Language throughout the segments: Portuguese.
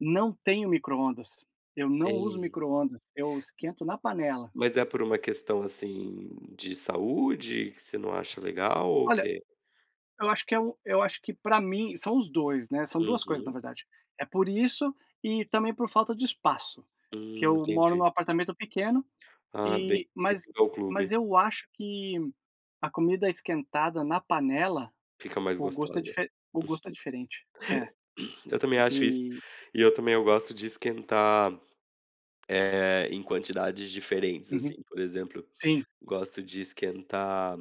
Não tenho micro-ondas. Eu não uso Tem. micro-ondas. Eu esquento na panela. Mas é por uma questão, assim, de saúde, que você não acha legal, ou o Olha quê? Eu, acho que é o eu acho que pra mim são os dois, né, são duas coisas, na Uhum. verdade. É, por isso e também por falta de espaço. Porque Hum. eu moro num Entendi. apartamento pequeno, Ah. Bem e mas bem-vindo clube. mas, eu acho que a comida esquentada na panela, Fica mais o gosto é gostosa. dife o gosto é diferente. É. Uhum. Eu também acho isso. E E eu também eu gosto de esquentar, eh, em quantidades diferentes, Uhum. assim. Por exemplo, Sim. gosto de esquentar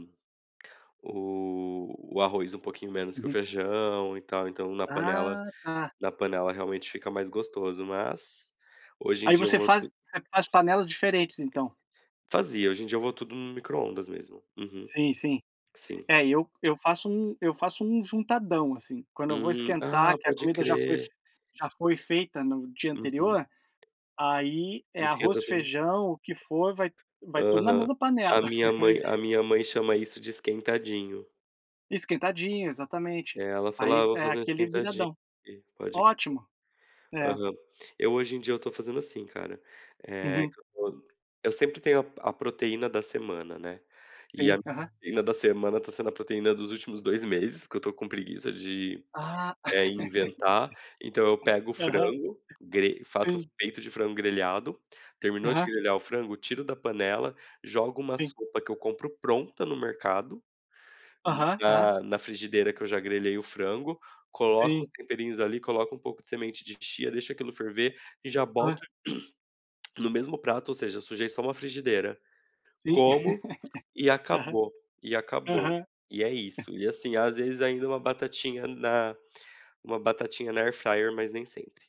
o o arroz um pouquinho menos que o Uhum. feijão e tal. Então, na panela Ah, tá. na panela, realmente, fica mais gostoso, mas hoje em Aí, dia eu você vou faz tu você faz panelas diferentes então? Fazia. Hoje em dia eu vou tudo no micro-ondas, mesmo. Uhum. Sim, sim. Sim. É, eu eu faço um eu faço um juntadão, assim. Quando eu vou Hum. Ah, esquentar, que a pode comida já foi f crer. já foi feita no dia Uhum. anterior, aí, é Tu esquenta arroz, tudo feijão, o que for, vai vai tudo na Aham. mesma panela. A minha mãe a minha mãe chama isso de esquentadinho. Esquentadinho, exatamente. É, ela Aí falava: "Ah, v vou é fazer um aquele, esquentadinho viradão. aqui". Pode crer. Ótimo. É. Aham. Eu, hoje em dia, eu tô fazendo assim, cara. Eh, Uhum. que eu tô eu sempre tenho a p a proteína da semana, né. E a Sim. Aham. proteína da semana tá sendo a proteína dos últimos 2 meses porque eu tô com preguiça de, Ah, eh, inventar. Então, eu pego o aham. frango, gre faço o Sim. peito de frango grelhado. Terminou Aham. de grelhar o frango, tiro da panela, jogo uma Sim. sopa, que eu compro pronta no mercado, Aham. Aham. na na frigideira que eu já grelhei o frango. Coloco os Sim. temperinhos, ali. Coloco um pouco de semente de chia. Deixo, aquilo, ferver, e, já, Hã. boto, no mesmo prato, ou seja, sujei, só, uma frigideira. Sim. Como, e Aham. acabou. E acabou. Aham. E é isso. E assim, às vezes, ainda, uma batatinha na uma batatinha na Air Fryer, mas nem sempre.